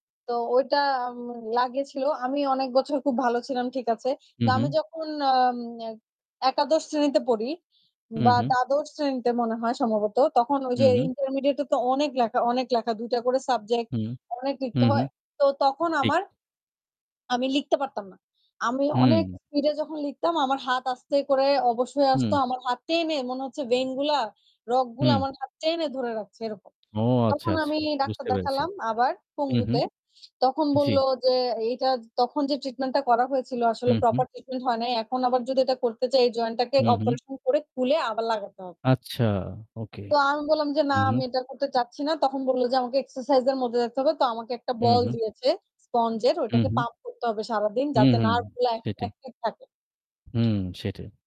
তো ঐটা উম লাগিয়েছিল। আমি অনেক বছর খুব ভালো ছিলাম, ঠিক আছে। হুম, না আমি হুম। যখন আম অ্যা একাদশ শ্রেণীতে পড়ি হুম, বা হুম। দ্বাদশ শ্রেণীতে মনে হয় সম্ভবত, তখন ওই যে হুম, হুম। ইন্টারমিডিয়েট এ তো অনেক লেখা, অনেক লেখা। ২ টা করে সাবজেক্ট হুম। অনেক লিখতে হুম, হয়। হুম. তো তখন ঠিক। আমার আমি লিখতে পারতাম না। আমি অনেক হুম। স্পিড এ যখন লিখতাম আমার হাত আস্তে করে অবশ হয়ে আসত। হুম। আমার হাত টেনে, মনে হচ্ছে ভেইন গুলা, রগগুলা হুম। আমার হাত টেনে ধরে রাখছে এরকম। ও আচ্ছা, তখন আচ্ছা! আমি ডাক্তার বুঝতে পেরেছি। দেখালাম আবার, হুম, পঙ্গুতে। হুম। তখন জ্বি। বলল যে "এইটা জ তখন যে ট্রিটমেন্ট টা করা হয়েছিল আসলে হুম, হুম। প্রপার ট্রিটমেন্ট হয় নাই। এখন আবার যদি এটা করতে যাই এই জয়েন্ট টাকে হুম, হুম। অপারেশন করে খুলে আবার লাগাতে হবে।" আচ্ছা! ওকে। তো আমি বললাম যে, "না আমি এটা করতে চাচ্ছি না।" তখন বললো যে, "আমাকে এক্সারসাইজ এর মধ্যে যাইতে থাকতে হবে।" তো আমাকে একটা হুম, বল হুম। দিয়েছে, স্পঞ্জ এর হুম, ওইটাকে হুম। পাম্প করতে হবে সারাদিন হুম, যাতে হুম। নার্ভ গুলো এক সেটাই। একটিভ থাকে। হুম সেটাই।